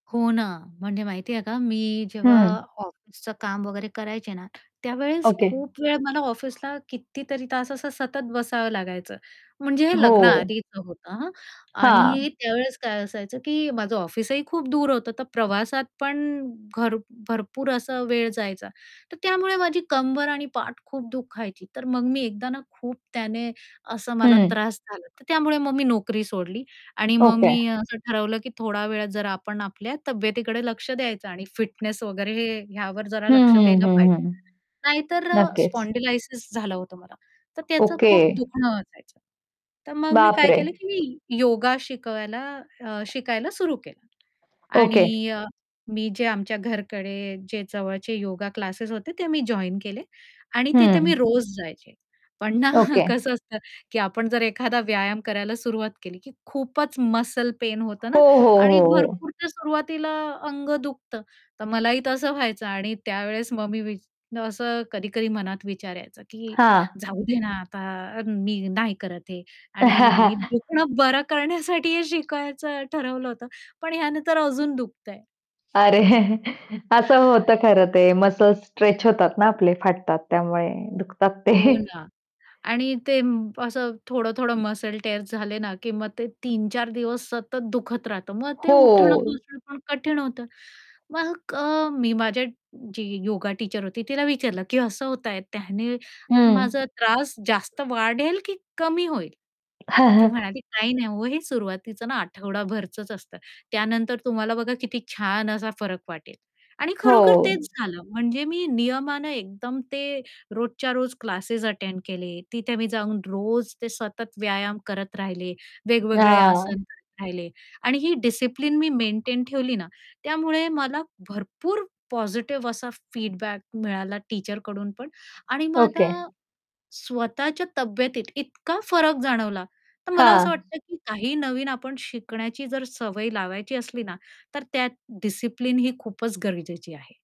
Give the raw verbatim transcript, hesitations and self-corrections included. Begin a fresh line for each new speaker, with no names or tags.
हो ना, म्हणजे माहिती आहे का, मी जेव्हा
हं.
ऑफिसचं काम वगैरे करायचे ना, त्यावेळेस
ओके.
खूप वेळा मला ऑफिसला कितीतरी तास असं सतत बसावं लागायचं. म्हणजे हे
हो.
लग्नाआधीचं होतं हां.
हां.
आणि त्यावेळेस काय असायचं, की माझं ऑफिसही खूप दूर होतं, तर प्रवासात पण घर भरपूर असा वेळ जायचा. तर त्यामुळे माझी कंबर आणि पाठ खूप दुखायची, तर मग मी एकदा ना, खूप त्याने असं मला
हं.
त्रास झाला. तर त्यामुळे मग मी नोकरी सोडली आणि मग
ओके.
मी असं ठरवलं, की थोडा वेळात जरा आपण आपल्या तब्येतीकडे लक्ष द्यायचं आणि फिटनेस वगैरे हे ह्यावर जरा
हं,
लक्ष
हं,
द्यायला
हं,
पाहिजे.
हं.
नाहीतर अ,
नक्कीच.
स्पॉन्डिलायसिस झालं होतं मला, तर त्याचं
ओके.
खूप दुखणं असायचं. तर मग मी काय
बापरे!
केलं, की योगा शिकवायला अ, शिकायला सुरू केलं.
ओके.
आणि अ, मी जे आमच्या घरकडे जे जवळचे योगा क्लासेस होते, ते मी जॉइन केले आणि तिथे
हं.
मी रोज जायचे. पण ना
ओके.
कसं असतं, की आपण जर एखादा व्यायाम करायला सुरुवात केली, की खूपच मसल पेन होतं
हो,
ना
हो,
आणि
हो, हो.
भरपूर तर सुरुवातीला अंग दुखतं. तर मलाही तसं व्हायचं आणि त्यावेळेस मग मी वि असं कधी-कधी मनात विचार यायचा, की
हां.
जाऊदे ना आता अ, मी नाही करत हे आणि मी दुखणं बरं करण्यासाठी हे शिकायचं ठरवलं होतं, पण ह्याने तर अजून दुखतं आहे.
अरे असं होतं खरं ते मसल्स स्ट्रेच होतात ना आपले फाटतात, त्यामुळे दुखतात ते
हो ना. आणि ते असं थोडं-थोडं मसल टिअर झाले ना, की मग ते तीन चार दिवस सतत दुखत राहतं, मग ते
हो.
उठणं-बसणं पण कठीण होतं. मग अ, मी माझ्या जी योगा टीचर होती, तिला विचारलं, की असं होतं आहे, त्याने
हं.
माझा त्रास जास्त वाढेल की कमी होईल? मग ती म्हणाली, "काही नाही हो, हे सुरुवातीचं ना आठवडाभरचंच असतं, त्यानंतर तुम्हाला बघा किती छान असा फरक वाटेल" आणि
हो.
खरोखर तेच झालं. म्हणजे मी नियमाने एकदम ते रोजच्या रोज क्लासेस अटेंड केले. तिथे मी जाऊन रोज ते सतत व्यायाम करत राहिले, वेगवेगळे आसन
हां.
करत राहिले. आणि ही डिसिप्लिन मी मेंटेन ठेवली ना, त्यामुळे मला भरपूर पॉझिटिव असा फीडबॅक मिळाला टीचरकडून पण. आणि
ओके.
माझा स्वतःच्या तब्येतीत इतका फरक जाणवला, तर मला असं
हां.
वाटतं, की काही नवीन आपण शिकण्याची जर सवय लावायची असली ना, तर त्यात डिसिप्लिन ही खूपच गरजेची आहे.